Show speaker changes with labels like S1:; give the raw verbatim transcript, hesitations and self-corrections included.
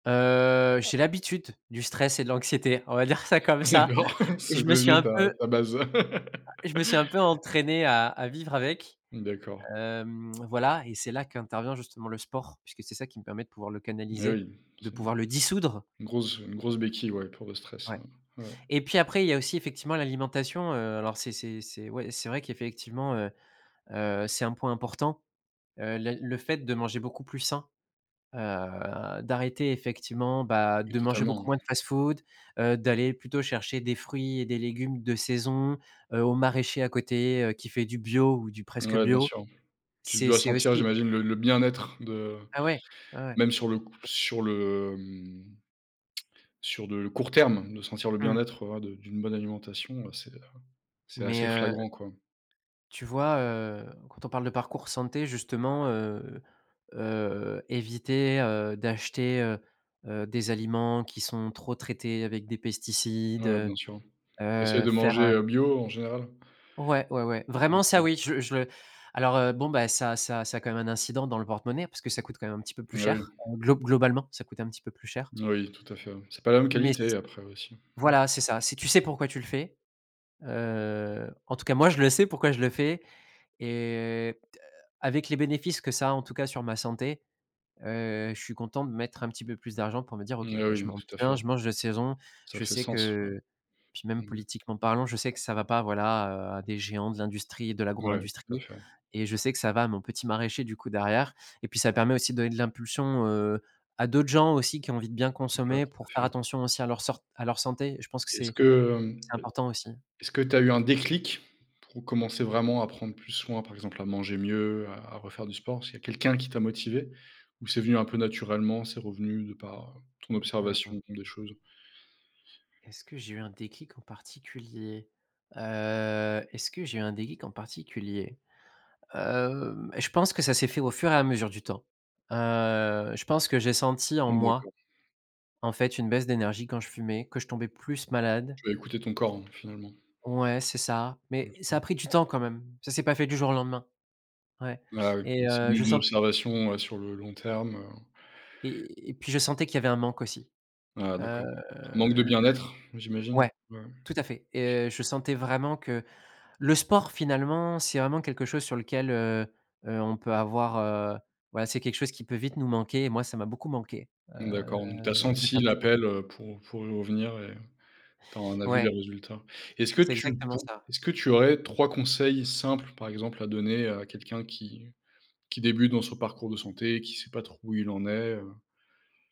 S1: Heu, j'ai l'habitude du stress et de l'anxiété. On va dire ça, comme ça!
S2: D'accord,
S1: Je
S2: c'est
S1: me suis
S2: devenu
S1: un
S2: ta
S1: peu
S2: ta base!
S1: je me suis un peu entraîné à à vivre avec.
S2: D'accord.
S1: Hem, voilà. Et c'est là, qu'intervient justement le sport, puisque c'est ça qui me permet de pouvoir le
S2: Eh
S1: canaliser.
S2: oui,
S1: De
S2: c'est
S1: pouvoir le
S2: une
S1: dissoudre.
S2: une grosse une grosse béquille, ouais, pour le stress,
S1: Ouais.
S2: ouais, ouais.
S1: Et puis après, il y a aussi, effectivement, l'alimentation. Heu, alors, c'est c'est c'est ouais, c'est vrai qu'effectivement, heu heu, c'est un point important. Heu, la le fait de manger beaucoup plus sain, heu, d'arrêter, effectivement, bah,
S2: Oui,
S1: de manger beaucoup
S2: totalement.
S1: moins de fast-food, heu, d'aller plutôt chercher des fruits et des légumes de saison, heu, au maraîcher, à côté, heu, qui fait du bio ou du presque
S2: Ouais, bien
S1: bio,
S2: sûr. Tu
S1: c'est
S2: dois
S1: c'est
S2: sentir,
S1: aussi
S2: j'imagine, le le bien-être de
S1: Ah ouais! Ouais, ouais.
S2: même sur c sur le mhm sur de court terme, de sentir le
S1: Mmh.
S2: bien-être, voilà, de d'une bonne alimentation, heu, c'est, heu, c'est assez
S1: Mais, heu
S2: flagrant, quoi.
S1: tu vois, heu, quand on parle de parcours santé, justement, heu heu, éviter, heu, d'acheter, heu heu des aliments qui sont trop traités avec des pesticides,
S2: Ouais,
S1: heu
S2: bien sûr. Essayes
S1: heu,
S2: de
S1: faire,
S2: manger,
S1: heu
S2: heu, bio en général?
S1: Ouais, ouais, ouais,
S2: Mmh,
S1: vraiment ça,
S2: OK.
S1: oui! Je je le alors, heu, bon, bah, ça ça ça a quand même un incident dans le porte-monnaie, parce que ça coûte quand même un petit peu plus
S2: Eh oui.
S1: cher. Heu, glo globalement, ça coûtait un petit peu plus cher.
S2: Oui, tout à fait, ouais. C'est pas la même
S1: Mais,
S2: qualité,
S1: c
S2: après, aussi. Mmh.
S1: voilà c'est ça, si tu sais pourquoi tu le fais. Heu, en tout cas, moi, je le sais, pourquoi je le fais! Et, t avec les bénéfices que ça a, en tout cas, sur ma santé, heu, je suis content de mettre un petit peu plus d'argent pour me dire: «OK,
S2: Mais,
S1: bah
S2: oui,
S1: je
S2: hem,
S1: mange
S2: tout à
S1: bien,
S2: fait.
S1: je mange de saison.».
S2: Ça
S1: Je
S2: fait
S1: sais
S2: sens, ouais.
S1: que puis, même
S2: Mmh mh.
S1: politiquement parlant, je sais que ça va pas, voilà, heu, à des géants de l'industrie, de
S2: Mouais, tout à
S1: l'agro-industrie
S2: fait.
S1: et je sais que ça va à mon petit maraîcher, du coup, derrière. Et puis, ça permet aussi de donner de l'impulsion, heu, à d'autres gens, aussi, qui ont envie de bien
S2: Ouais,
S1: consommer, pour
S2: tout
S1: faire
S2: à fait.
S1: attention aussi à leur à leur sor à leur santé. Je pense que
S2: Est-ce
S1: c'est
S2: que, hem
S1: c'est important aussi.
S2: est-ce que tu as eu un déclic, pour commencer vraiment à prendre plus soin, par exemple, à manger mieux, à à refaire du sport? Est-ce qu'il y quelqu'un qui t'a motivé, ou c'est venu un peu naturellement, c'est revenu de par, heu, ton
S1: Mmh mh.
S2: observation des choses?
S1: Est-ce que j'ai eu un déclic en particulier? Heu, est-ce que j'ai eu un déclic en particulier? Hem, je pense que ça s'est fait au fur et à mesure du temps. Heu, je pense que j'ai senti en
S2: Mmh,
S1: moi,
S2: d'accord.
S1: en fait, une baisse d'énergie quand je fumais, que je tombais plus malade.
S2: Tu as écouté ton corps, hein, finalement?
S1: Ouais, c'est ça. Mais,
S2: Bien
S1: ça a
S2: sûr.
S1: pris du temps, quand même. Ça s'est pas fait du jour au lendemain. Ouais
S2: Ah, oui,
S1: et,
S2: c'est
S1: heu,
S2: u
S1: je
S2: une
S1: sent
S2: observation, heu, sur le long terme, heu
S1: Et et puis je sentais qu'il y avait un manque aussi.
S2: Ah,
S1: Heu,
S2: d'accord, manque de
S1: le le
S2: bien-être, j'imagine?
S1: ouais,
S2: Ouais, ouais.
S1: tout à fait!
S2: OK.
S1: Et heu, je sentais vraiment que le sport, finalement, c'est vraiment quelque chose sur lequel, heu heu, on peut avoir heu, ouais, c'est quelque chose qui peut vite nous manquer. Et moi, ça m'a beaucoup manqué.
S2: Mmh
S1: Heu,
S2: d'accord. Donc tu as
S1: de
S2: senti
S1: faire du sport.
S2: l'appel, heu, pour pour y revenir, et tu en as vu
S1: Ouais.
S2: les résultats. Est-ce que
S1: C'est
S2: tu
S1: exactement
S2: pour
S1: ça.
S2: est-ce que tu aurais trois conseils simples, par exemple, à donner, à quelqu'un qui qui débute dans son parcours de santé, qui sait pas trop où il en est, heu?